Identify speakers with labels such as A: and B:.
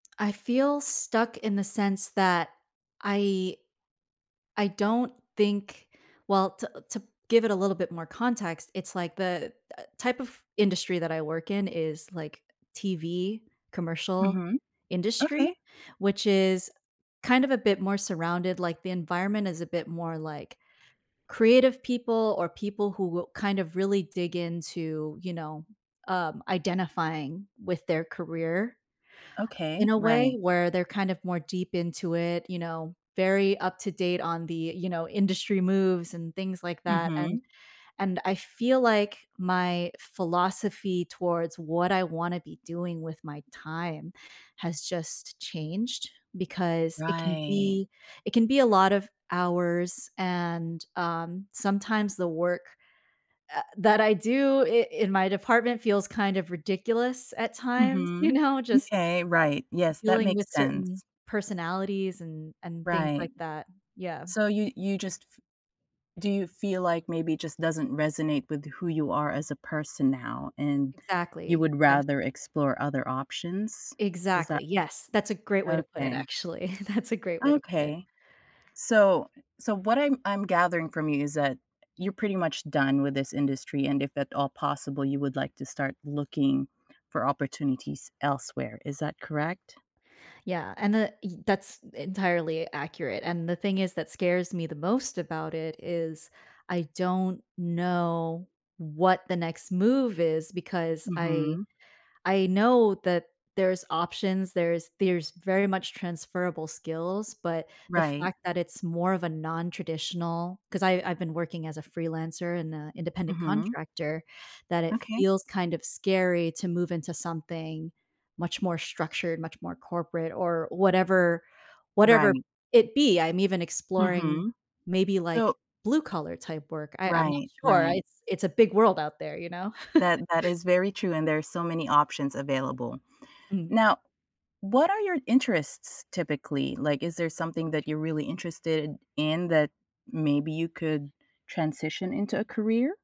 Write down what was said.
A: I feel stuck in the sense that I I don't think well to to give it a little bit more context. It's, like, the type of industry that I work in is, like, TV commercial
B: Mhm.
A: industry,
B: Okay.
A: which is kind of a bit more surrounded, like, the environment is a bit more like creative people or people who will kind of really dig into, you know, um, identifying with their career in
B: Okay,
A: a way
B: right.
A: where they're kind of more deep into it, you know, very up to date on the, you know, industry moves and things like that. And
B: Mhm.
A: and I feel like my philosophy towards what I wanna be doing with my time has just changed because it can
B: Right.
A: be it can be a lot of hours, and, um, sometimes the work, uh, that I do i in my department feels kind of ridiculous at times, you
B: Mhm.
A: know, just
B: M'kay, right, yes, that
A: dealing
B: makes
A: with certain
B: sense.
A: personalities and and things
B: Right.
A: like that. Yeah.
B: So you you just f do you feel like maybe it just doesn't resonate with who you are as a person now and you
A: Exactly.
B: would
A: Yes.
B: rather explore other options? Is that
A: Exactly, yes. That's a great way to put it
B: Okay.
A: actually, that's a great way to put it.
B: Okay. So so what I'm I'm gathering from you is that, you're pretty much done with this industry and if at all possible, you would like to start looking for opportunities elsewhere. Is that correct?
A: Yeah, and the ye that's entirely accurate. And the thing is that scares me the most about it is I don't know what the next move is because I
B: Mhm.
A: I know that there's options, there's there's very much transferable skills, but the
B: Right.
A: fact that it's more of a non-traditional 'cause I I've been working as a freelancer and, uh, independent
B: Mhm.
A: contractor, that it
B: Okay.
A: feels kind of scary to move into something much more structured, much more corporate or whatever whatever
B: Right.
A: it be. I'm even exploring
B: Mhm.
A: maybe like
B: So
A: blue-collar type work. I I'm not
B: Right,
A: sure.
B: right.
A: It's it's a big world out there, you know?
B: That that is very true and there's so many options available.
A: Mhm.
B: Now, what are your interests typically? Like, is there something that you're really interested in that maybe you could transition into a career?